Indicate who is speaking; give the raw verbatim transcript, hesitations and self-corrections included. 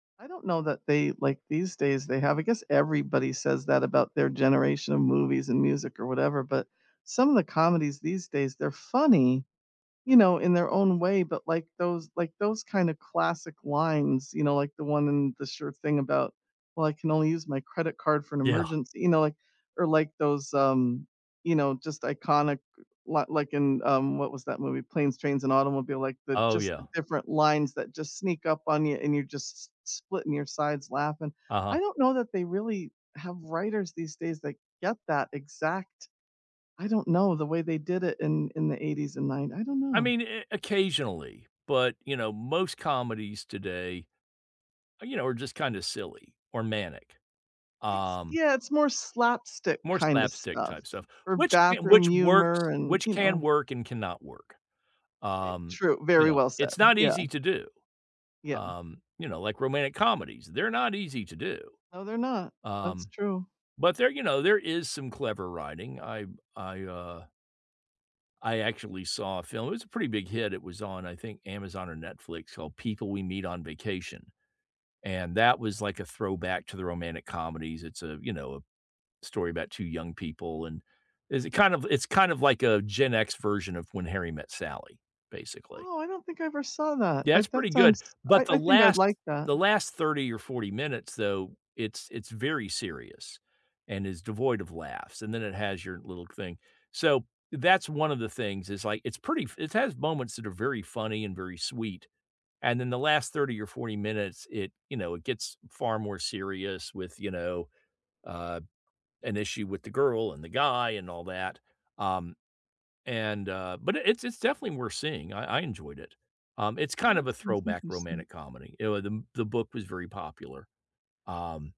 Speaker 1: I don't know that they like, these days, they have I guess everybody says that about their generation of movies and music, or whatever, but some of the comedies these days, they're funny, you know, in their own way, but, like, those like, those, kind of, classic lines, you know, like the one in The Sure Thing, about, "Well, I can only use my credit card for an
Speaker 2: Yeah.
Speaker 1: emergency" you know, like or, like, those, um, you know, just iconic li like in um, what was that movie? Planes, Trains and Automobile like, the
Speaker 2: Oh,
Speaker 1: just
Speaker 2: yeah.
Speaker 1: the different lines that just sneak up on you, and you're just s s splitting your sides laughing.
Speaker 2: Uh-huh.
Speaker 1: I don't know that they really have writers these days that get that exact I don't know, the way they did it in in the eighties and nine I don't
Speaker 2: I
Speaker 1: know.
Speaker 2: mean, eh eh occasionally, but, you know, most comedies today, eh, you know, are just kinda silly or manic.
Speaker 1: It's
Speaker 2: Um
Speaker 1: yeah, it's more slapstick
Speaker 2: more
Speaker 1: kind of
Speaker 2: slapstick
Speaker 1: stuff,
Speaker 2: type stuff,
Speaker 1: or
Speaker 2: which ca
Speaker 1: bathroom
Speaker 2: which works
Speaker 1: humor, and,
Speaker 2: which
Speaker 1: you
Speaker 2: can
Speaker 1: know
Speaker 2: work and cannot work.
Speaker 1: I
Speaker 2: Um,
Speaker 1: true,
Speaker 2: you
Speaker 1: very
Speaker 2: know,
Speaker 1: well said.
Speaker 2: it's not
Speaker 1: Yeah.
Speaker 2: easy to do.
Speaker 1: Yeah.
Speaker 2: Um, you know, like, romantic comedies, they're not easy to do.
Speaker 1: No, they're not. That's
Speaker 2: Um,
Speaker 1: true.
Speaker 2: but there you know, there is some clever writing, I I, uh I actually saw a film it was a pretty big hit, it was on, I think, Amazon or Netflix, called People We Meet on Vacation, and that was, like, a throwback to the romantic comedies it's a, you know a story about two young people, and is it kind of it's kind of like a Gen X version of When Harry Met Sally, basically.
Speaker 1: Oh, I don't think I ever saw that.
Speaker 2: Yeah,
Speaker 1: I
Speaker 2: it's pretty
Speaker 1: that
Speaker 2: good,
Speaker 1: sounds I
Speaker 2: but the
Speaker 1: I think I'd
Speaker 2: last
Speaker 1: like that.
Speaker 2: the last thirty or forty minutes, though, it's it's very serious, and is devoid of laughs, and then it has your little thing. So, that's one of the things, is, like, it's pretty f it has its moments that are very funny and very sweet, and then the last thirty or forty minutes, it you know, it gets far more serious with, you know, uh, an issue with the girl, and the guy, and all that, um, and, uh but i it's it's definitely worth seeing, I I enjoyed it. Um, it's
Speaker 1: Oh,
Speaker 2: kind of
Speaker 1: that
Speaker 2: a
Speaker 1: sounds
Speaker 2: throwback
Speaker 1: interesting.
Speaker 2: romantic comedy. You know, the m the book was very popular. Um